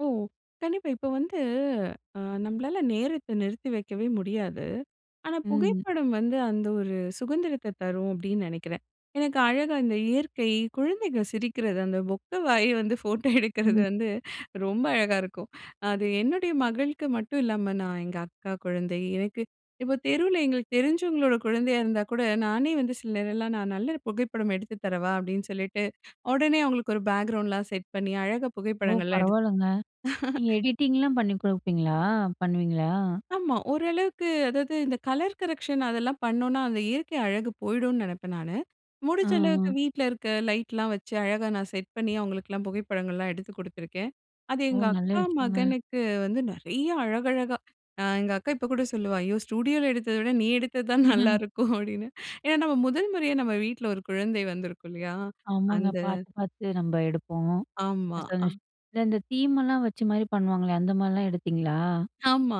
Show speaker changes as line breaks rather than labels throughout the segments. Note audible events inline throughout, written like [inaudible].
ஓ! கண்டிப்பா இப்ப வந்து அ நம்பளால நேரத்த நிறுத்தி வைக்கவே முடியாது. ஆனா
ம்.
புகைப்படம் வந்து, அந்த ஒரு சுகந்திரத்த தரும் அப்படின்னு நெனைக்கிறேன். எனக்கு அழகா இந்த இயற்கை, குழந்தைங்க சிரிக்கிறது அந்த பொக்கை வாய வந்து ஃபோட்டோ எடுக்கிறது
ம்.
வந்து ரொம்ப அழகா இருக்கும். அது என்னுடைய மகளுக்கு மட்டும் இல்லாம நான் எங்க அக்கா குழந்தை, எனக்கு இப்போ தெருவில எங்களுக்கு தெரிஞ்சவங்களோட குழந்தையா இருந்தா கூட, நானே வந்து சில நேரலாம், நான் நல்ல ஒரு புகைப்படம் எடுத்து தரவா? அப்டின்னு சொல்லிட்டு, உடனே அவுங்களுக்கு ஒரு பேக்கிரவுண்ட்லாம் செட் பண்ணி அழகா
ஓ!
புகைப்படங்கள்லாம் எடுத்
பரவால்லங்க. நீங்க
[chuckles]
எடிட்டிங்லாம் பண்ணி குடுப்பீங்களா? பண்ணுவீங்களா?
ஆமா, ஓரளவுக்கு, அதாவது இந்த கலர் கரெக்ஷன் அதெல்லாம் பண்ணோம்ன்னா, அந்த இயற்கை அழகு போயிடும்னனு நினைப்பேன் நானு.
அ,
முடிஞ்ச அளவுக்கு
அ.
வீட்ல இருக்க லைட்லாம் வச்சு, அழகா நான் செட் பண்ணி அவுங்களுக்கெல்லாம் புகைப்படங்கள்லாம் எடுத்து குடுத்துருக்கேன். அது
ஓ!
எங்க
நல்ல
அக்கா
விஷயங்க.
மகனுக்கு வந்து, நெறையா அழகழகா, அ எங்க அக்கா இப்போ கூட சொல்லுவா "ஐயோ, ஸ்டுடியோவில எடுத்தத விட நீ எடுத்தது தான்
[chuckles]
நல்லாருக்கும்" அப்படின்னு ஏன்னா நம்ம முதல் முறையா நம்ம வீட்ல ஒரு குழந்தை வந்திருக்கும் இல்லையா? அந்த
ஆமாங்க பாத்து, பாத்து நம்ப எடுப்போம் [unintelligible]
ஆமா. அ.
அந்த இந்த தீமெல்லாம் வச்சு மாரி பண்ணுவாங்களே, அந்த மாரிலாம் எடுத்தீங்களா?
ஆமா,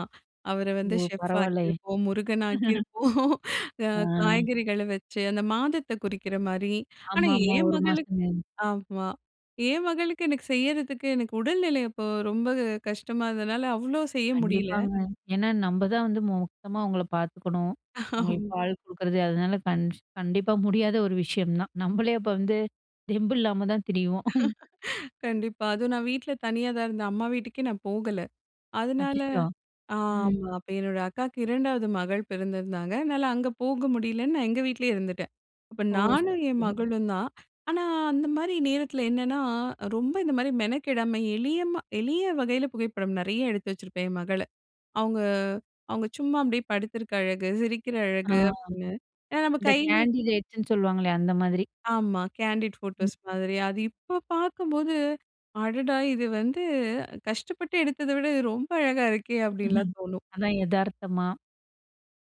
அவர வந்து
ஓ!
செஃப்
பரவால்லையே.
ஆக்கியிருப்போம். முருகன்
[chuckles]
ஆக்கியிருப்போம். [chuckles] அ
அம்.
காய்கறிகள வச்சு அந்த மாதத்தை குறிக்கிற மாரி, ஆனா
ஆமா, ஆமா
என்
1
மகளுக்கு
மாசம். [unintelligible]
ஆமா. என் மகளுக்கு எனக்கு செய்யிறதுக்கு, எனக்கு உடல்நிலை அப்போ ரொம்ப கஷ்டமா இருந்ததுனால, அவ்வளோ செய்ய முடியல.
கண்டிப்பாங்க. ஏன்னா, நம்ப தான் வந்து மொத்தமா அவுங்கள பாத்துக்கணும், அவுங்களுக்கு
[chuckles]
பால் குடுக்குறது அதனால கண் கண்டிப்பா முடியாத ஒரு விஷயம் தான். நம்பளே அப்போ வந்து, தெம்பு இல்லாமதான் திரிவோம். [chuckles]
[chuckles] கண்டிப்பா. அதுவும் நான் வீட்ல தனியா தான் இருந்தேன். அம்மா வீட்டுக்கே நான் போகல. அதனால
அச்சச்சோ! ம்.
ஆமா. அப்போ என்னோட அக்காவுக்கு 2 மகள் பிறந்திருந்தாங்க. அதனால அங்க போக முடியலைன்னு, நான் எங்க வீட்லயே இருந்துட்டேன். அப்போ
ஓ! சரி,
நானும் என்
சரி.
மகளும் தான். ஆனா அந்த மாரி நேரத்தில என்னான்னா, ரொம்ப இந்த மாரி மெனக்கெடாம, எளிய ம எளிய வகையில, புகைப்படம் நெறைய எடுத்து வச்சிருப்பேன் என் மகள்ல. அவுங்க, அவுங்க சும்மா அப்டியே படுத்திருக்க அழகு, சிரிக்கிற
ஆ
அழகு, அப்டின்னு, ஏன்னா நம்ப
இந்த
கையி
கேண்டிடேட்ஸ்ன்னு சொல்லுவாங்களே அந்த மாதிரி.
ஆமா. கேண்டிட்
ம்.
ஃபோட்டோஸ் மாதிரி, அது இப்போ பாக்கும்போது, அடடா! இது வந்து கஷ்டப்பட்டு எடுத்தத விட இது ரொம்ப அழகா இருக்கே! அப்படின்லாம்
[chuckles]
தோணும்.
அதான் எதார்த்தமா,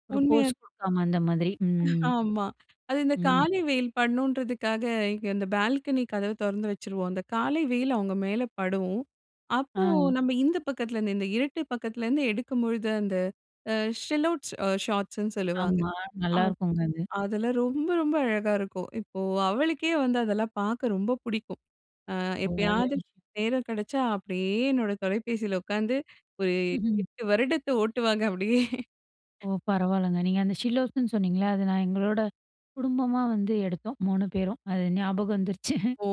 ஒரு போஸ்
உண்மைய,
குடுக்காம அந்த மாதிரி. ம்.
ஆமா. அது இந்த
ம்.
காலை வெயில் படணுன்றதுக்காக, இங்க இந்த பால்கனி கதவ தொறந்து வச்சுருவோம். அந்த காலை வெயில் அவுங்க மேல படும். அப்போ
ஆ.
நம்ம இந்த பக்கத்துலேருந்து, இந்த இருட்டு பக்கத்துலேருந்து எடுக்கும்பொழுது, அந்த அ ஷெல் அவுட்ஸ் ஷார்ட்ஸ்ன்னு சொல்லுவாங்க
ஆமா.
அ
நல்லாருக்குங்க அது.
அதெல்லாம் ரொம்ப, ரொம்ப அழகா இருக்கும். இப்போ அவளுக்கே வந்து அதெல்லாம் பாக்க ரொம்ப புடிக்கும். அ
ஒரு ஆளு.
எப்பயாவது நேரம் கெடைச்சா அப்டியே என்னோட தொலைபேசியில உக்காந்து, ஒரு
[chuckles]
8 வருடத்த ஓட்டுவாங்க அப்படியே,
ஓ பரவால்லங்க! நீங்க அந்த ஷிலோஸ்ன்னு சொன்னீங்கள்ல, அத நான் எங்களோட குடும்பமா வந்து எடுத்தோம். 3 பேரும். அது ஞாபகம் வந்துருச்சு
ஓ!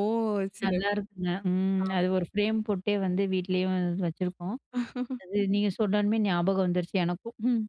[chuckles]
சிறப்,
நல்லாயிருக்குங்க. ம்
ஆமா.
அது ஒரு ஃப்ரேம் போட்டே வந்து வீட்லேயும் வச்சுருக்கோம்
[chuckles]
அது நீங்க சொன்னோனமே, ஞாபகம் வந்துருச்சு எனக்கும். [chuckles]